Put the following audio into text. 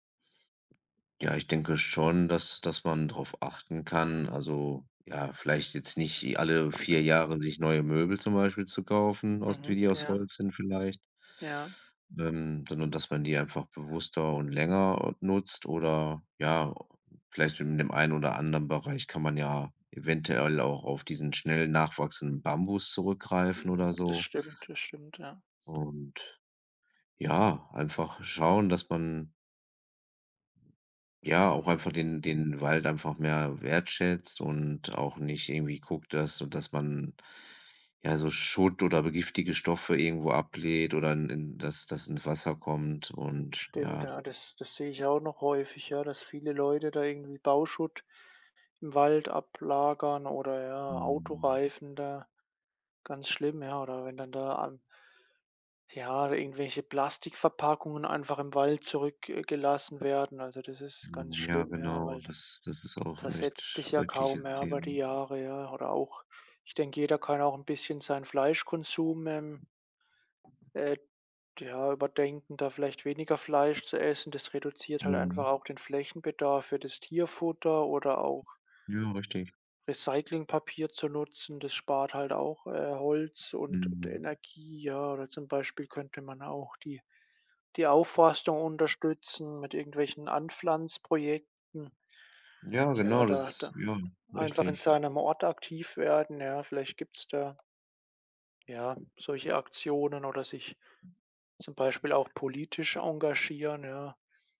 Ja, ich denke schon, dass dass man drauf achten kann. Also, ja, vielleicht jetzt nicht e alle 4 Jahre sich neue Möbel zum Beispiel zu kaufen aus die Mhm, die aus ja. Holz sind vielleicht Ja. dann sondern dass man die einfach bewusster und länger, äh, nutzt oder, ja, vielleicht in dem einen oder anderen Bereich kann man ja eventuell auch auf diesen schnell nachwachsenden Bambus zurückgreifen Mhm, oder das so. stimmt, das stimmt, ja. Und, ja, einfach schauen, dass man ja, auch einfach Mhm. den den Wald einfach mehr wertschätzt und auch nicht irgendwie guckt, dass sodass man, ja, so Schutt oder be giftige Stoffe irgendwo ablädt oder in in dass das ins Wasser kommt und, Stimmt, ja. ja, das das sehe ich auch noch häufig, ja, dass viele Leute da irgendwie Bauschutt im Wald ablagern oder ja Mhm. Autoreifen da ganz schlimm, ja. Oder wenn dann da an ja, irgendwelche Plastikverpackungen einfach im Wald zurück äh, gelassen werden. Also, das ist ganz Hm, ja, schlimm, ja, genau, weil das das ist auch 'n echt zersetzt sich ja kaum schreckliches mehr über die Them Jahre, ja. Oder auch ich denke, jeder kann auch 'n bisschen seinen Fleischkonsum, ähm äh, d ja, überdenken, da vielleicht weniger Fleisch zu essen, das reduziert halt einfach Mhm. auch den Flächenbedarf für das Tierfutter. Oder auch Ja, richtig. Recyclingpapier zu nutzen. Das spart halt auch, äh, Holz und d Mhm. Energie, ja. Oder, zum Beispiel, könnte man auch die die Aufforstung unterstützen mit irgendwelchen Anpflanz-Projekten. Ja, Tja, genau, da das da ja, einfach in richtig. seinem Ort aktiv werden, ja, vielleicht gibt's da ja, solche Aktionen oder sich zum Beispiel auch politisch engagieren, ja.